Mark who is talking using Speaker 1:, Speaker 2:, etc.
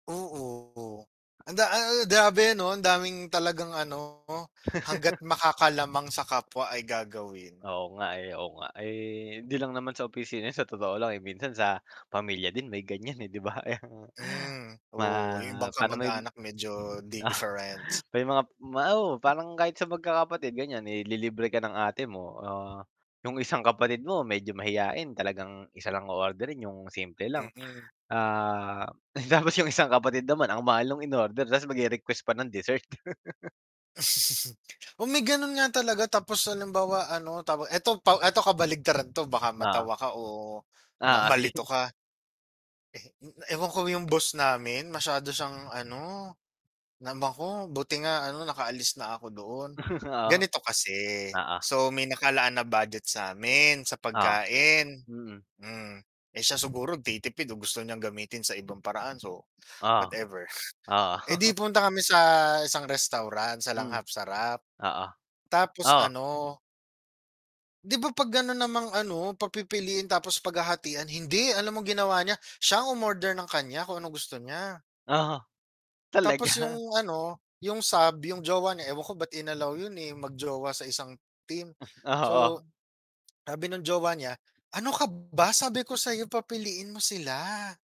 Speaker 1: Oo. Anda a a grabe, 'no, andaming talagang, ano, hangga't makakalamang sa kapwa ay gagawin.
Speaker 2: Oo nga, eh, oo nga. Eh, hindi lang naman sa opisina, sa totoo lang, eh, minsan sa pamilya din may ganiyan, eh, 'di ba? Kaya nga.
Speaker 1: Hmm,
Speaker 2: Pa
Speaker 1: oo. 'Yong ibang
Speaker 2: para may m
Speaker 1: kamag-anak medyo different.
Speaker 2: may mga ma oo, parang kahit sa magkakapatid ganiyan. Ililibre ka ng ate mo o 'yong isang kapatid mo medyo mahiyain, talagang isa lang o-orderin 'yong simple lang.
Speaker 1: Mm.
Speaker 2: Ah, tapos 'yong isang kapatid naman ang mahal no'ng in-order tapos mag-re-request pa ng dessert.
Speaker 1: Oh, may gano'n nga talaga tapos halimbawa, ano, tawag ito pa ito kabaligtaran 'to baka
Speaker 2: Oo.
Speaker 1: matawa ka o ma
Speaker 2: Oo,
Speaker 1: malito
Speaker 2: sige.
Speaker 1: ka. Eh, um, ewan ko 'yong boss namin masyado siyang, ano, namako. Buti nga, ano, nakaalis na ako doon.
Speaker 2: Oo.
Speaker 1: Ganito kasi,
Speaker 2: Oo.
Speaker 1: so may nakalaan na budget sa 'min, sa
Speaker 2: Oo,
Speaker 1: pagkain,
Speaker 2: mm.
Speaker 1: hmm. Eh, siya siguro nagtitipid o gusto niyang gamitin sa ibang paraan so,
Speaker 2: Oo.
Speaker 1: whatever.
Speaker 2: Oo.
Speaker 1: Eh, 'di pumunta kami sa isang restaurant sa
Speaker 2: Mhm.
Speaker 1: Langhap Sarap.
Speaker 2: Oo.
Speaker 1: Tapos,
Speaker 2: Oo.
Speaker 1: ano 'di ba 'pag gano'n namang, ano, pagpipiliin tapos paghahatian? Hindi, alam mo ginawa niya, siya ang umorder ng kaniya, kung anong gusto niya.
Speaker 2: Oo.
Speaker 1: Tapos
Speaker 2: Talaga?
Speaker 1: 'yong, ano, 'yong sub, 'yong jowa niya ewan ko ba't in-allow 'yon, eh, 'yong mag-jowa sa isang team. So,
Speaker 2: Oo.
Speaker 1: sabi no'ng jowa niya, "Ano ka ba? Sabi ko sa 'yo papiliin mo sila."